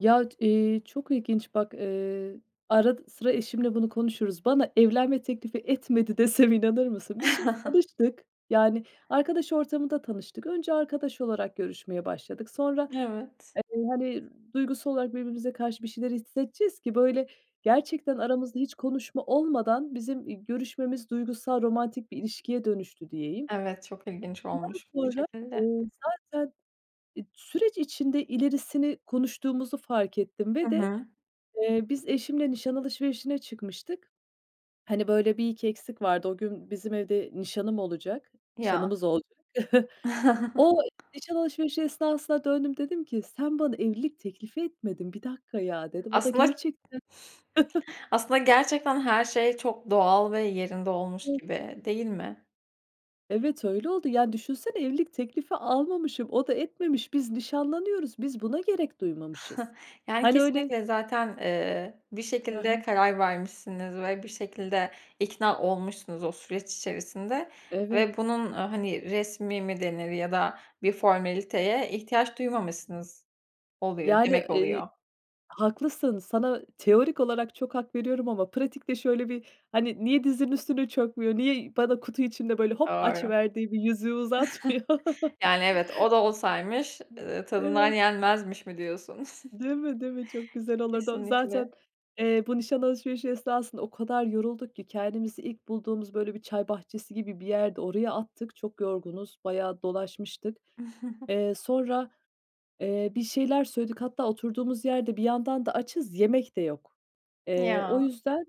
Yaç iii, çok ilginç bak, ııı, arad sıra eşimle bunu konuşuruz. Bana evlenme teklifi etmedi desem, inanır mısın? Biz şimdi tanıştık, yani arkadaş ortamında tanıştık. Önce arkadaş olarak görüşmeye başladık. Sonra, Evet. eee, hani, duygusal olarak birbirimize karşı bir şeyler hissedeceğiz ki, böyle, gerçekten aramızda hiç konuşma olmadan bizim, iii, görüşmemiz duygusal, romantik bir ilişkiye dönüştü diyeyim. Evet, çok ilginç Ondan olmuş bu sonra, şekilde. ııı, zaten e, süreç içinde ilerisini konuştuğumuzu fark ettim Hı ve de, hı. eee, biz eşimle nişan alışverişine çıkmıştık. Hani, böyle, bir iki eksik vardı. O gün bizim evde nişanım olacak, Ya. nişanımız olacak. O nişan alışverişi esnasında döndüm dedim ki, "Sen bana evlilik teklifi etmedin, 1 dakika ya." dedim. O da Aslında gerçekten. aslında gerçekten her şey çok doğal ve yerinde olmuş Evet. gibi, değil mi? Evet, öyle oldu. Yani düşünsene evlilik teklifi almamışım, o da etmemiş. Biz nişanlanıyoruz, biz buna gerek duymamışız. Yani Hani öyle kesinlikle zaten, ııı, bir Hı şekilde hı. karar vermişsiniz ve bir şekilde ikna olmuşsunuz o süreç içerisinde Evet. ve bunun, ııı, hani, resmî mi denir ya da bir formaliteye ihtiyaç duymamışsınız oluyor Yani, demek ııı, oluyor. haklısın, sana teorik olarak çok hak veriyorum ama pratikte şöyle bir, hani, niye dizinin üstüne çökmüyor, niye bana kutu içinde böyle hop Doğru. açıverdiği bir yüzüğü uzatmıyor. Yani, evet, o da olsaymış, ııı, tadından Evet. yenmezmiş mi diyorsun? Değil mi, değil mi? Çok güzel olurdu o. Zaten, Kesinlikle. eee, bu nişan alışverişi esnasında o kadar yorulduk ki kendimizi ilk bulduğumuz, böyle, bir çay bahçesi gibi bir yerdi, oraya attık. Çok yorgunuz, bayağı dolaşmıştık. Eee, sonra, eee, bir şeyler söyledik. Hatta oturduğumuz yerde bir yandan da açız, yemek de yok. Eee, o Ya. yüzden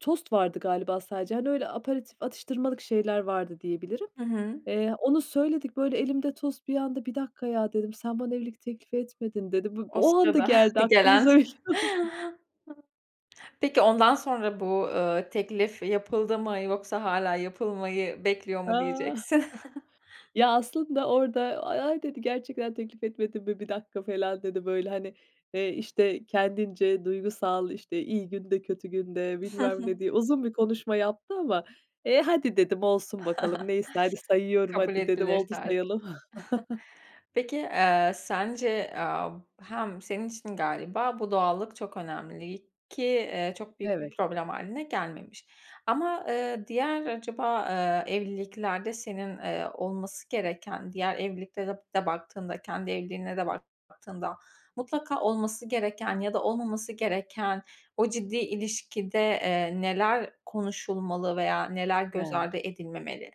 tost vardı galiba sadece. Hani öyle aperatif atıştırmalık şeyler vardı diyebilirim. Hı hı. Eee, onu söyledik. Böyle elimde tost bir anda, "1 dakika ya!" dedim. "Sen bana evlilik teklifi etmedin." dedim. [unintelligible] O O anda sırada geldi gelen. aklımıza biliyor musun? Peki ondan sonra, ııı, bu teklif yapıldı mı yoksa hâlâ yapılmayı bekliyor mu Ah! diyeceksin? Ya aslında orada "A-ay" dedi. "gerçekten teklif etmedim mi? 1 dakika." falan dedi. Böyle hani, eee, işte, kendince duygusal, işte, iyi günde kötü günde Iıı, hı bilmem ne hı. diye uzun bir konuşma yaptı ama, eee, "Hadi" dedim "olsun bakalım neyse hadi sayıyorum Kabul hadi" dedim edilir "oldu tarzı. sayalım." Peki, ııı, sence, aaa, hem senin için galiba bu doğallık çok önemli ki, ııı, çok büyük bir Evet. problem hâline gelmemiş ama, ııı, diğer acaba, ııı, evliliklerde senin, ııı, olması gereken diğer evliliklere de baktığında kendi evliliğine de [unintelligible] baktığında mutlaka olması gereken ya da olmaması gereken o ciddi ilişkide, eee, neler konuşulmalı veya neler göz [unintelligible] ardı edilmemeli?